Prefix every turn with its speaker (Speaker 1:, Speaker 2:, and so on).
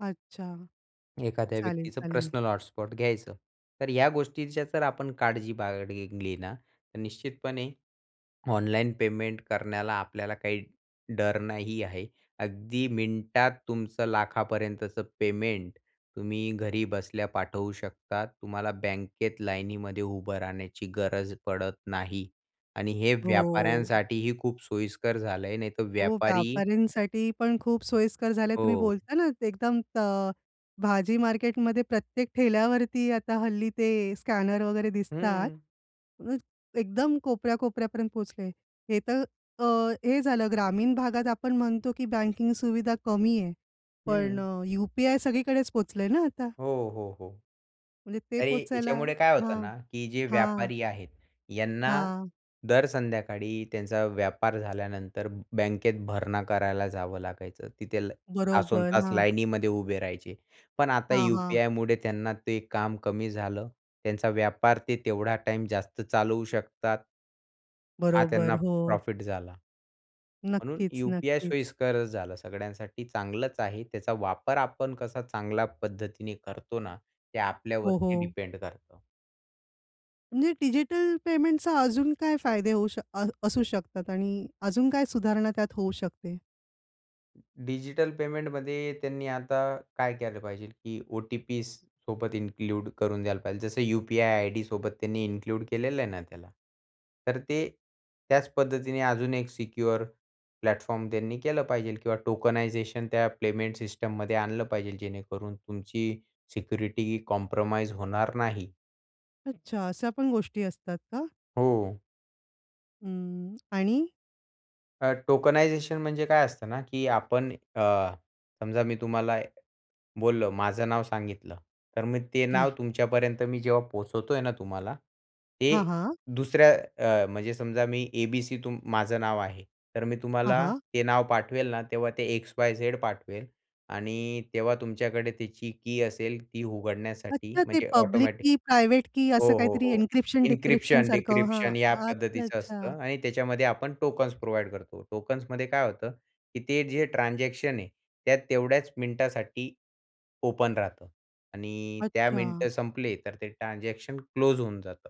Speaker 1: अच्छा!
Speaker 2: एखाद्या
Speaker 1: चालेल,
Speaker 2: व्यक्तीचं
Speaker 1: चालेल.
Speaker 2: पर्सनल हॉटस्पॉट घ्यायचं, तर ह्या गोष्टीच्या जर आपण काळजी बाळगली ना, तर निश्चितपणे ऑनलाईन पेमेंट करण्याला आपल्याला काही डर नाही आहे. अगदी मिनिटात तुमचं लाखापर्यंतचं पेमेंट तुम्ही घरी बसल्या पाठवू शकता. तुम्हाला बँकेत लाईनीमध्ये उभं राहण्याची गरज पडत नाही आणि हे
Speaker 1: हो.
Speaker 2: व्यापाऱ्यांसाठीही खूप सोयीस्कर झालं आहे नाहीतर
Speaker 1: हो,
Speaker 2: व्यापारी
Speaker 1: व्यापाऱ्यांसाठी पण खूप सोयीस्कर झाले तुम्ही
Speaker 2: हो.
Speaker 1: बोलताना एकदम त भाजी मार्केटमध्ये प्रत्येक ठेल्यावरती आता हल्ली ते स्कॅनर वगैरे दिसतात.
Speaker 2: हं.
Speaker 1: अ, एकदम कोपऱ्या-कोपऱ्यापर्यंत पोहचले. हे तर अ, हे झालं ग्रामीण भागात आपण म्हणतो की बँकिंग सुविधा कमी आहे. पण
Speaker 2: हं.
Speaker 1: अ, यू-पी-आय सगळीकडेच पोहचलंय ना आता.
Speaker 2: हो, हो, हो.
Speaker 1: म्हणजे ते
Speaker 2: तरी
Speaker 1: पोहचायला
Speaker 2: याच्यामुळे काय होतं
Speaker 1: हां,
Speaker 2: ना, की जे
Speaker 1: हां.
Speaker 2: व्यापारी आहेत यांना
Speaker 1: हां.
Speaker 2: दर संध्याकाळी त्यांचा व्यापार झाल्यानंतर बँकेत भरणा करायला जावं लागायचं. तिथे ल
Speaker 1: बरोबर,
Speaker 2: तासोंतास
Speaker 1: हां.
Speaker 2: लाईनीमध्ये उभे राहायचे. पण आता
Speaker 1: हां, हां.
Speaker 2: यू-पी-आयमुळे त्यांना ते काम कमी झालं, त्यांचा व्यापार ते तेवढा टाईम जास्त चालवू शकतात. हा
Speaker 1: बरोबर,
Speaker 2: त्यांना
Speaker 1: हो.
Speaker 2: प्रॉफिट झाला. म्हणून
Speaker 1: नक्कीच,
Speaker 2: यू-पी-आय
Speaker 1: नक्कीच.
Speaker 2: सोयीस्करचं झालं सगळ्यांसाठी चांगलंच आहे. त्याचा वापर आपण कसा चांगल्या पद्धतीने करतो ना ते
Speaker 1: हो,
Speaker 2: आपल्यावरती
Speaker 1: हो.
Speaker 2: डिपेंड करतं.
Speaker 1: म्हणजे डिजिटल पेमेंटचा अजून काय फायदे होऊ शकत अ, असू शकतात आणि अजून काही सुधारणा त्यात होऊ शकते?
Speaker 2: डिजिटल पेमेंटमध्ये त्यांनी आता काय केलं पाहिजे की ओ-टी-पीसोबत इन्क्लूड करून द्यायला पाहिजे. जसं यू-पी-आय आयडीसोबत त्यांनी इन्क्लूड केलेलं आहे ना त्याला. तर ते त्याच पद्धतीने अजून एक सिक्युअर प्लॅटफॉर्म त्यांनी केलं पाहिजे किंवा टोकनायझेशन त्या पेमेंट सिस्टममध्ये आणलं पाहिजे जेणेकरून तुमची सिक्युरिटी ही कॉम्प्रोमाईज होणार नाही.
Speaker 1: अच्छा, अशा पण गोष्टी असतात का?
Speaker 2: हो.
Speaker 1: हं आणि
Speaker 2: अ, टोकनायझेशन म्हणजे काय असतं ना की आपण अ, समजा मी तुम्हाला बोललो माझं नाव सांगितलं तर मी ते नाव
Speaker 1: हां.
Speaker 2: तुमच्यापर्यंत मी जेव्हा पोहचवतोय ना, तुम्हाला ते
Speaker 1: हां, हां.
Speaker 2: दुसऱ्या अ, म्हणजे समजा मी ए-बी-सी तुम माझं नाव आहे, तर मी
Speaker 1: हां,
Speaker 2: तुम्हाला
Speaker 1: हां.
Speaker 2: ते नाव पाठवेल ना तेव्हा ते एक्स-वाय-झेड पाठवेल आणि तेव्हा तुमच्याकडे त्याची की असेल ती उघडण्यासाठी
Speaker 1: अच्छा, ते
Speaker 2: म्हणजे
Speaker 1: पब्लिक
Speaker 2: ऑटोमॅटिक
Speaker 1: की प्रायव्हेट की असं
Speaker 2: हो, हो,
Speaker 1: काहीतरी
Speaker 2: हो
Speaker 1: इन्क्रिप्शन, डिक्रिप्शन
Speaker 2: इन्क्रिप्शन,
Speaker 1: सारखं हां
Speaker 2: डिक्रिप्शन या
Speaker 1: अच्छा,
Speaker 2: पद्धतीचं
Speaker 1: अच्छा.
Speaker 2: असतं आणि त्याच्यामध्ये आपण टोकन्स प्रोव्हाईड करतो. टोकन्समध्ये काय होतं की ते जे ट्रान्झॅक्शन आहे, त्यात तेवढ्याच मिनिटासाठी ओपन राहतं आणि त्या मिनिट
Speaker 1: अच्छा.
Speaker 2: संपली तर ते ट्रान्झॅक्शन क्लोज होऊन जातं.